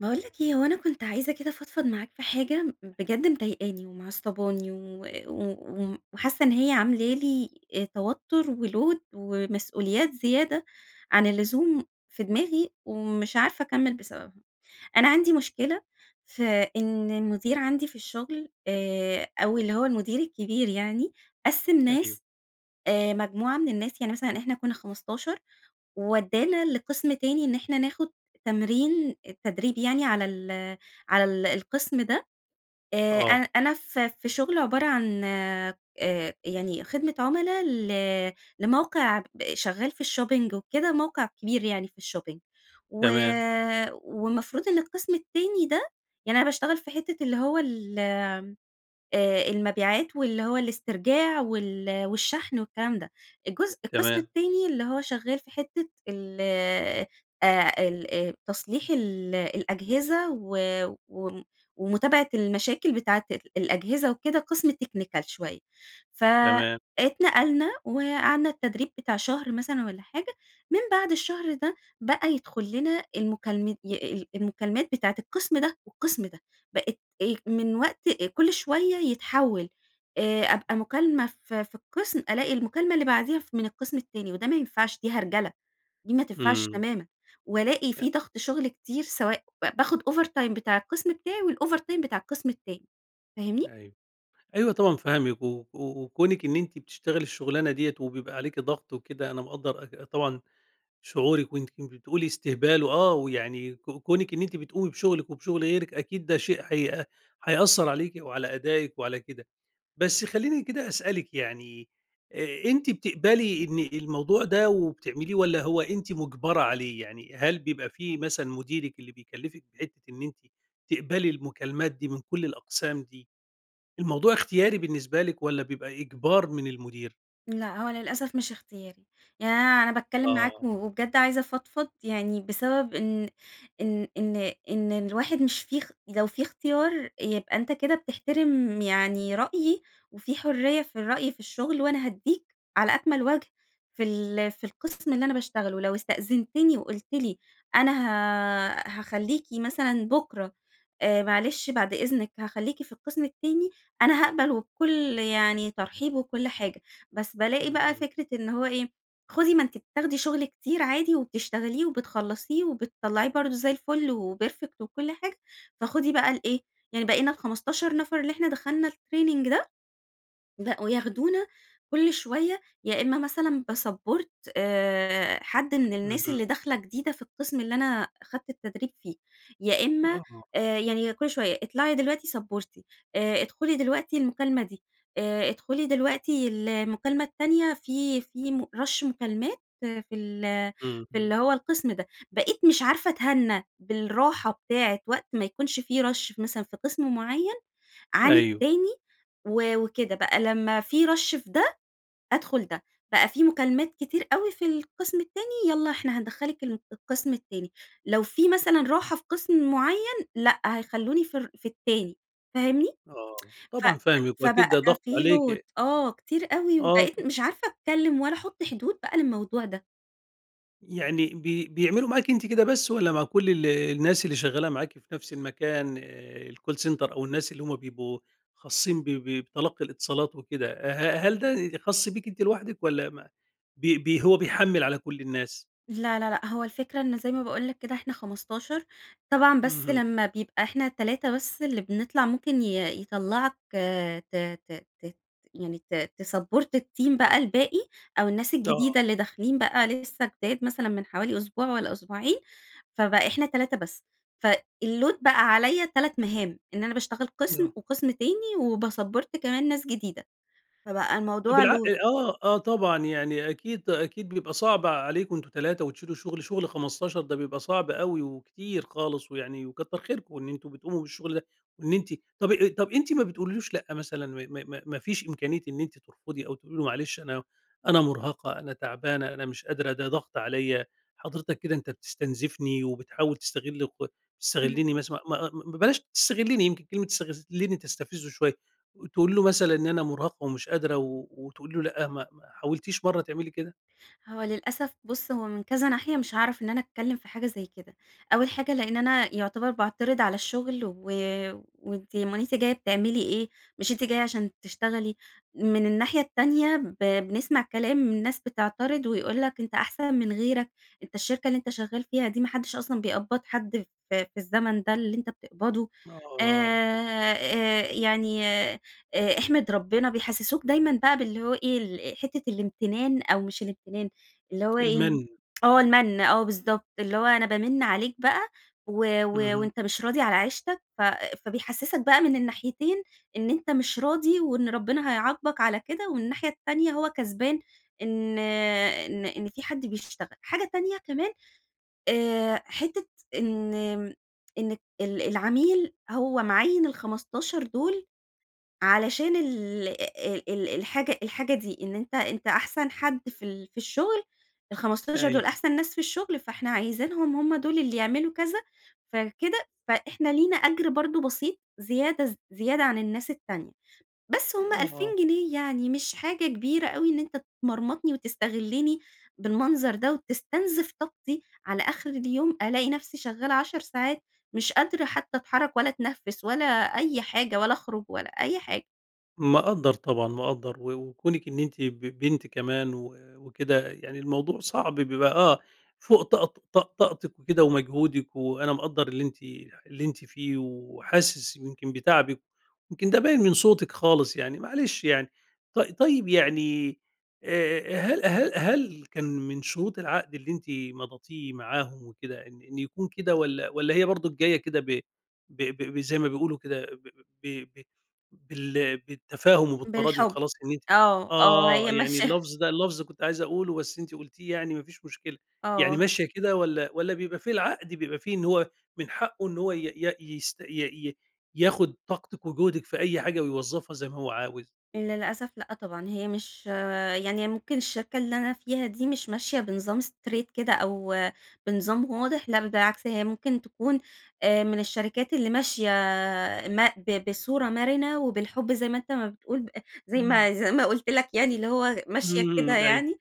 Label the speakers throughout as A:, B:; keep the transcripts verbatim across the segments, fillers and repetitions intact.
A: باقول لك إيه، هو أنا كنت عايزة كده أفضفض معاك في حاجة بجد مضايقاني ومعصّباني و وم وم وحاسة إن هي عاملة لي آآ توتر وload ومسئوليات زيادة عن اللزوم في دماغي، ومش عارفة أكمل بسببها. أنا عندي مشكلة في إن المدير عندي في الشغل آآ أو اللي هو المدير الكبير يعني، قَسِّم
B: أيوه.
A: ناس آآ مجموعة من الناس يعني مثلًا إحنا كنا خمستاشر وودّانا لقسم تاني إن احنا ناخد تمرين التدريب يعني على ال على القسم ده، آآ، أنا
B: آه.
A: أنا ف في شغل عبارة عن آآ يعني خدمة عملا ل لموقع ب شغال في الshopping وكده، موقع كبير يعني في الshopping و
B: تمام.
A: والمفروض إن القسم التاني ده، يعني أنا باشتغل في حتة اللي هو ال آآ، المبيعات واللي هو الاسترجاع وال والشحن والكلام ده، الجزء القسم
B: تمام.
A: التاني اللي هو شغال في حتة ال آآ، ال تصليح الأجهزة و وم ومتابعة المشاكل بتاعة ال الأجهزة وكده قسم technical شوية،
B: تمام.
A: فاتنقلنا وقعدنا التدريب بتاع شهر مثلًا والَّا حاجة، من بعد الشهر ده بقى يدخلنا المكالمت ي المكالمات بتاعة القسم ده والقسم ده، بقت إيه من وقت كل شوية يتحول آآ أبقى مكالمة ف في القسم، ألاقي المكالمة اللي بعديها ف من القسم التاني، وده ما ينفعش، دي هرجلة، دي ما تنفعش
B: إمم.
A: تمامًا، وألاقي
B: أ
A: في ضغط شغل كتير، سواء باخد overtime بتاع القسم بتاعي والovertime بتاع القسم التاني، فاهمني؟
B: أيوه، أيوه طبعًا فاهمِك، و وكونِك إن أنتِ بتشتغلي الشغلانة دِيَّة وبيبقى عليكِ ضغط وكده، أنا مقدر أك طبعًا شعورِك، وأنتِ بتقولي استهبال وآه، ويعني ك كونِك إن أنتِ بتقومي بشغلك وبشغل غيرِك أكيد ده شيء هيأ هيأثر عليكِ وعلى أدائك وعلى كده. بس خليني كده أسألِك يعني، أنتِ بتقبلي إن الموضوع ده وبتعمليه، والَّا هو أنتِ مجبرة عليه؟ يعني هل بيبقى في مثلًا مديرِك اللي بيكلفك بحتة إن أنتِ تقبلي المكالمات دي من كل الأقسام دي، الموضوع اختياري بالنسبة لِك، والَّا بيبقى إجبار من المدير؟
A: لأ هوّ للأسف مش اختياري، يعني أنا أنا باتكلّم معاك
B: آه.
A: وبجد عايزة أفضفض، يعني بسبب إن إن إن إن الواحد مش في اخ لو في اختيار يبقى أنتَ كده بتحترم يعني رأيي، وفي حريّة في الرأي في الشغل وأنا هاديك على أكمل وجه في ال في القسم اللي أنا باشتغله ولو استأذنتني وقُلت لي أنا هـَ هاخليكِ مثلًا بُكرة، آآ معلش بعد إذنك هاخليكِ في القسم التاني، أنا هاقبل وبكل يعني ترحيب وكل حاجة، بس بالاقي بقى
B: امم.
A: فكرة إن هوّ إيه؟ خدي ما أنتِ بتاخدي شغل كتير عادي وبتشتغليه وبتخلصيه وبتطلعيه برضو زي الفُل و perfect وكل حاجة، فخدي بقى الإيه، يعني بقينا الخمستاشر نفر اللي إحنا دخلنا الtraining ده، بقوا ياخدونا كل شويّة يا إما مثلًا باsupport آآ حد مِن الناس
B: اهم.
A: اللي داخلة جديدة في القسم اللي أنا أخدت التدريب فيه، يا إما
B: آه.
A: آآ يعني كل شويّة اطلعي دلوقتِ سَبّورتي آآ ادخلي دلوقتِ المكالمة دي، آآ ادخلي دلوقتِ المكالمة التانية في في م rush مكالمات في ال في
B: اهم.
A: اللي هوّ القسم ده، بقيت مش عارفة أتهنى بالراحة بتاعة وقت ما يكونش في rush مثلًا في قسم معيّن عن
B: أيوَه.
A: التاني، و وكده بقى، لمّا في rush في ده، أدخل ده، بقى في مكالمات كتير أوي في القسم التاني، يلّا إحنا هندخلك الم القسم التاني، لو في مثلًا راحة في قسم معيّن لأ، هيخلوني في ال في التاني، فاهمني؟
B: آه،
A: ف
B: طبعًا فاهمِك
A: ف
B: وأكيد
A: فبقى
B: ده ضاغط
A: في load،
B: عليكِ.
A: آه كتير أوي
B: آه،
A: وبقيت
B: طب
A: مش عارفة أتكلّم والّا أحط حدود بقى للموضوع ده.
B: يعني بي بيعملوا معاكِ أنتِ كده بس والّا مع كل ال الناس اللي شغالة معاكِ في نفس المكان الcall center أو الناس اللي هم بيبقوا خاصين ب ب بتلقي الاتصالات وكده؟ آآ، ه هل ده خاص بيك أنت لوحدِك والّا ما بي بي هو بيحمل على كل الناس؟
A: لا، لا، لأ هو الفكرة إن زي ما باقول لك كده إحنا خمستاشر، طبعًا بس
B: اهم.
A: لما بيبقى إحنا تلاتة بس اللي بنطلع ممكن ي يطلعك ت ت ت يعني ت تسابّورت الteam بقى الباقي، أو الناس
B: آه.
A: الجديدة اللي داخلين بقى لسه جداد مثلًا مِن حوالي أسبوع والّا أسبوعين، فبقى إحنا تلاتة بس. في الload بقى عليَّ تلات مهام. إن أنا باشتغل قسم
B: آه.
A: وقسم تاني، و باسبّورت كمان ناس جديدة، فبقى
B: أ طب
A: الموضوع
B: الع
A: load
B: آه، آه طبعًا، يعني أكيد أكيد بيبقى صعب عليكم أنتم تلاتة وتشيلوا شغل شغل خمستاشر ده بيبقى صعب أوي وكتير خالص ويعني وكتر خيركم إن أنتم بتقوموا بالشغل ده، وإن أنتِ طب طب أنتِ ما بتقوليش لأ مثلًا؟ م م م ما فيش إمكانية إن أنت ترفضي أو تقولي له معلش، أنا أنا مرهقة، أنا تعبانة، أنا مش قادرة، ده ضغط عليَّ، حضرتك كده أنت بتستنزفني وبتحاول تستغل ك تستغلني
A: إمم.
B: مث ما ما بلاش تستغلني يمكن كلمة تستغلني تستفزه شوية، تقولي له مثلًا إن أنا مرهقة ومش قادرة وتقولي له لأ، ما ما حاولتيش مرّة تعملي كده؟
A: هو للأسف بُص، هو من كذا ناحية مش هاعرف إن أنا أتكلم في حاجة زي كده. أول حاجة لأن أنا يعتبر باعترض على الشغل، و وأنتِ أمّال أنتِ جاية بتعملي إيه؟ مش أنتِ جاية عشان تشتغلي؟! من الناحية التانية ب بنسمع كلام من ناس بتعترض ويقول لك: "أنت أحسن من غيرك، أنت الشركة اللي أنت شغال فيها دي ما حدش أصلًا بيقبض حد في في الزمن ده اللي أنت بتقبضه، آآ،
B: آه.
A: آآ يعني، آآ أحمِد ربنا." بيحسسوك دايمًا بقى باللي هو إيه، ال حتّة الامتنان، أو مش الامتنان اللي هو إيه؟
B: المّن.
A: آه المَّن، آه بالضبط، اللي هو أنا بامِّن عليك بقى و و
B: اهم.
A: وأنت مش راضي على عيشتك، ف فبيحسسك بقى مِن الناحيتين إن أنت مش راضي وإن ربنا هيعاقبك على كده ومن الناحية التانية هو كسبان إن إن إن في حد بيشتغل. حاجة تانية كمان، آآ حتّة إن إن ال العميل هو معين الخمستاشر دول علشان ال ال ال الحاجة الحاجة دي، إن أنت أنت أحسن حد في ال في الشغل، الخمستاشر دول
B: أيوه.
A: أحسن ناس في الشغل، فإحنا عايزينهم هم دول اللي يعملوا كذا، فكده فإحنا لينا أجر برضو بسيط زيادة ز زيادة عن الناس التانية. بس هم ألفين
B: آه.
A: جنيه يعني، مش حاجة كبيرة أوي إن أنت تمرمطني وتستغلني بالمنظرده وتستنزف طاقتي، على آخر اليوم ألاقي نفسي شغالة عشر ساعات، مش قادرة حتى أتحرك ولا أتنفس ولا أي حاجة ولا أخرج ولا أي حاجة.
B: مقدر طبعًا مقدر، و وكونك إن أنتِ ب بنت كمان و وكده، يعني الموضوع صعب بيبقى آه، فوق طاق طاق طاقتك وكده ومجهودك، وأنا مقدر اللي أنتِ اللي أنتِ فيه وحاسس يمكن بتعبِك، يمكن ده باين من صوتك خالص يعني، معلش يعني. ط طيب يعني، آآ هل هل هل كان من شروط العقد اللي أنتِ مضتيه معاهم وكده إن إن يكون كده والّا والّا هي برضه جاية كده ب ب ب زي ما بيقولوا كده ب ب ب بال بالتفاهم وبالتراضي
A: بالحب.
B: وخلاص؟ إن أنتِ
A: آه، آه،
B: آه،
A: هي
B: يعني
A: ماشية
B: اللفظ ده اللفظ كنت عايز أقوله بس أنت قلتيه يعني ما فيش مشكلة، يعني
A: آه.
B: ماشية كده والّا والّا بيبقى في العقد بيبقى فيه إن هو من حقه إن هو ي ي يست ي ي ياخذ طاقتك وجهدِك في أي حاجة ويوظفها زي ما هو عاوز؟
A: للأسف لأ طبعًا. هي مش يعني هي ممكن الشركة اللي أنا فيها دي، مش ماشية بنظام straight كده أو بنظام واضح، لا بالعكس، هي ممكن تكون آآ مِن الشركات اللي ماشية ما ب بصورة مرنة وبالحب زي ما أنت ما بتقول، ب زي
B: إمم.
A: ما زي ما قلت لك يعني اللي هو ماشية
B: امم،
A: كده
B: امم، أيوه.
A: يعني.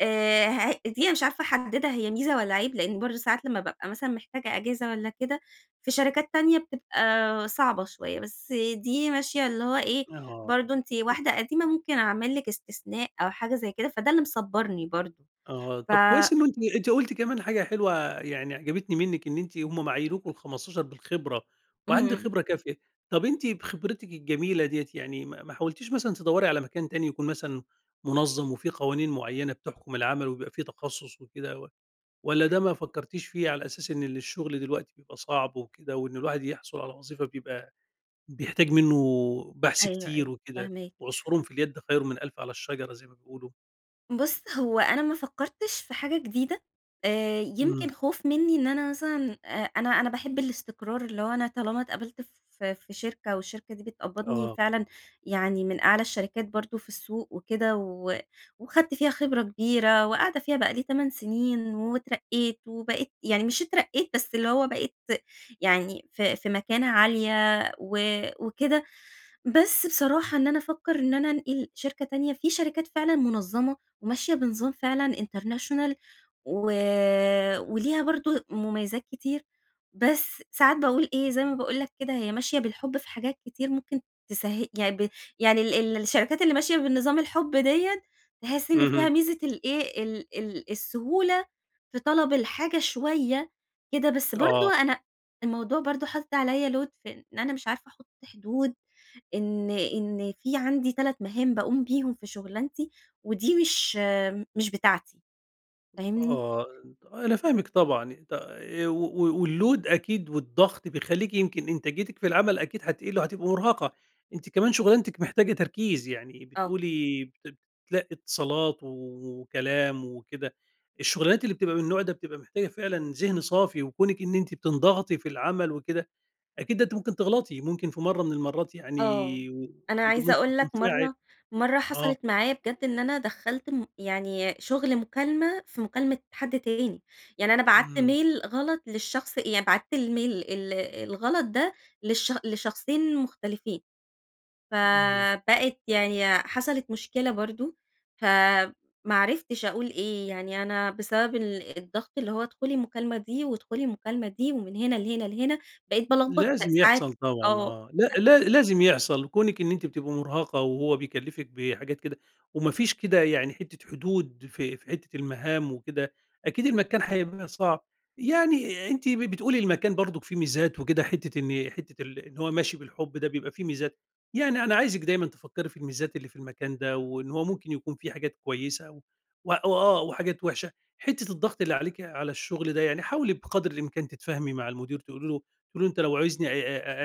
A: آآ ه هي دي مش عارفة أحددها هي ميزة والّا عيب، لأن برضو ساعات لما بابقى مثلًا محتاجة إجازة والّا كده، في شركات تانية بتبقى صعبة شوية، بس دي ماشية اللي هو إيه،
B: آه.
A: برضو أنتِ
B: [unintelligible]
A: واحدة قديمة ممكن أعمل لِك استثناء أو حاجة زي كده، فده اللي مصبرني برضو
B: آه،
A: ف
B: طب كويس إنه أنتِ أنتِ قلتِ كمان حاجة حلوة يعني عجبتني مِنك، إن أنتِ هم أما عينوكم الخمستاشر بالخبرة وعندِك
A: اهم.
B: خبرة كافية. طب أنتِ بخبرتك الجميلة دِيَّة يعني ما ما حاولتيش مثلًا تدوري على مكان تاني؟ يكون مثلًا منظم وفي قوانين معيّنة بتحكم العمل، وبيبقى في تخصص وكده و والّا ده ما فكرتيش فيه؟ على أساس إن الشغل دلوقتي بيبقى صعب وكده، وإن الواحد يحصل على وظيفة بيبقى بيحتاج منّه بحث
A: أيوه،
B: كتير
A: أيوه
B: وكده،
A: فاهماك.
B: وعصفور في اليد خيرٌ من ألف على الشجرة زي ما بيقولوا.
A: بص، هو أنا ما فكرتش في حاجة جديدة، آآ
B: امم.
A: يمكن خوف مني إن أنا مثلًا، آآ، أنا أنا باحب الاستقرار اللي هو أنا طالما اتقبلت ف في شركة والشركة دي بتقبضني
B: آه.
A: فعلًا يعني من أعلى الشركات برضو في السوق وكده و وأخدت فيها خبرة كبيرة، وقاعدة فيها بقى لي تَمَن سنين، واترقيت وبقيت يعني مش اترقيت بس اللي هو بقيت يعني ف في مكانة عالية و وكده. بس بصراحة إن أنا أفكّر إن أنا أنقل شركة تانية، في شركات فعلًا منظمة، وماشية بنظام فعلًا international و وليها برضو مميزات كتير، بس ساعات باقول إيه، زي ما باقول لَك كده، هي ماشية بالحب في حاجات كتير ممكن تسه يعني ب يعني ال الشركات اللي ماشية بنظام الحب دِيّة، تحس إن
B: اهم.
A: فيها ميزة الإيه، ال ال السهولة في طلب الحاجة شويّة كده بس برضو
B: آه.
A: أنا الموضوع برضو حاطط عليَّ load في إن أنا مش عارفة أحط حدود، إن إن في عندي تَلت مهام باقوم بيهم في شغلانتي، ودي مش مش بتاعتي. فاهمني؟
B: آه، أنا فاهمِك طبعًا، ط آآ و و الload أكيد والضغط بيخلّيكِ يمكن إنتاجيتِك في العمل أكيد هتقل وهتبقي مرهقة. أنتِ كمان شغلانتك محتاجة تركيز يعني
A: آه.
B: بتقولي بت بتتلقّي اتصالات وكلام وكده، الشغلانات اللي بتبقى مِن النوع ده بتبقى محتاجة فعلًا ذهن صافي وكونك إن أنتِ بتنضغطي في العمل وكده، أكيد ده أنتِ ممكن تغلطي، ممكن في مرّة مِن المرّات
A: آه،
B: يعني
A: أنا
B: [unintelligible]
A: عايزة
B: ممكن
A: أقول لَك
B: تنفعل
A: مرّة مرّة
B: آه.
A: حصلت معايا بجد إن أنا دخّلت م يعني شغل مكالمة، في مكالمة حد تاني، يعني أنا بعت
B: امم.
A: mail غلط للشخص يعني بعت الmail ال الغلط ده للش لشخصين مختلفين.
B: امم.
A: فبقت يعني حصلت مشكلة برضو، فما عرفتش أقول إيه، يعني أنا بسبب ال الضغط اللي هوّ، ادخلي المكالمة دي وادخلي المكالمة دي، ومِن هنا لهنا لهنا بقيت بالخبط
B: لازم
A: ساعات.
B: يحصل طبعًا
A: آه،
B: آه، لا
A: ب
B: لا لازم يحصل، كونك إن أنتِ بتبقى مرهقة وهوّ بيكلفِك بحاجات كده، وما فيش كده يعني حتّة حدود في في حتّة المهام وكده، أكيد المكان هيبقى صعب، يعني أنتِ بتقولي المكان برضك فيه ميزات وكده حتّة إن حتّة ال إن هوّ ماشي بالحب ده بيبقى في ميزات، يعني أنا عايزِك دايمًا تفكّري في الميزات اللي في المكان ده وإن هوّ ممكن يكون في حاجات كويّسة، وأ وآه وحاجات وحشة، حتّة الضغط اللي عليكِ على الشغل ده يعني، حاولي بقدر الإمكان تتفاهمي مع المدير تقولي له تقولي له أنتَ لو عايزني أ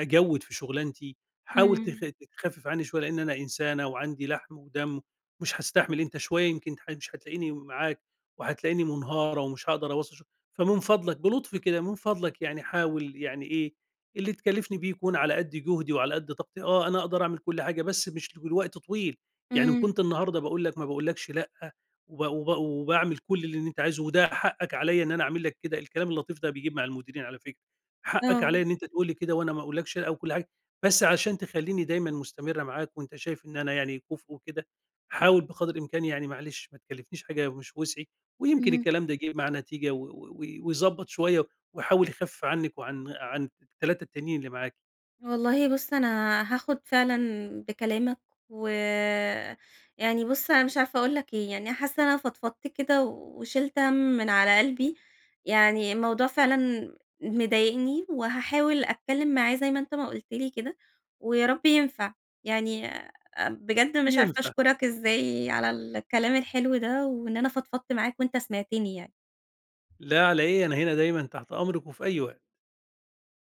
B: أ أجود في شغلانتي، حاول تف
A: امم.
B: تخفف عنّي شويّة لإني أنا إنسانة وعندي لحم ودم، ومش هاستحمل أنتَ شويّة يمكن ح مش هتلاقيني معاك وهتلاقيني منهارة ومش هاقدر أواصل شغل، فمن فضلك- بلطف كده- مِن فضلك يعني حاول يعني إيه، اللي تكلفني بيه يكون على قد جهدي وعلى قد طاقتي، آه أنا أقدر أعمل كل حاجة بس مش لوقت طويل، يعني إن
A: امم.
B: كنت النهارده باقول لَك ما باقولكش لأ، وب وب وباعمل كل اللي أنتَ عايزه وده حقَك علىَّ إن أنا أعمل لك كده. الكلام اللطيف ده بيجيب مع المديرين على فكرة، حقَك عليَّ
A: آه.
B: إن أنتَ تقول لي كده وأنا ما أقولكش لأ وكل حاجة، بس عشان تخليني دايمًا مستمرة معاك وأنتَ شايف إن أنا يعني كفء وكده، حاول بقدر الإمكان يعني معلش ما تكلفنيش حاجة مش بوسعي. ويمكن
A: امم.
B: الكلام ده يجيب معاه نتيجة و و ويضبط شويّة، ويحاول يخفف عنِك وعن عن التلاتة التانيين اللي معاكِ.
A: والله بُص أنا هاخد فعلًا بكلامَك، و يعني بُصّ أنا مش عارفة أقول لَك إيه، يعني حاسّة أنا فضفضت كده وشلت هَم مِن على قلبي، يعني الموضوع فعلًا م مضايقني وهاحاول أتكلّم معاه زي ما أنتَ ما قُلت لي كده، ويا رب ينفع. يعني بجد مش عارفة
B: ينفع.
A: أشكرَك إزاي على الكلام الحلو ده، وإن أنا فضفضت معاك وأنتَ سمعتني يعني.
B: لا على إيه، أنا هنا دايمًا تحت أمرِك وفي أي وقت.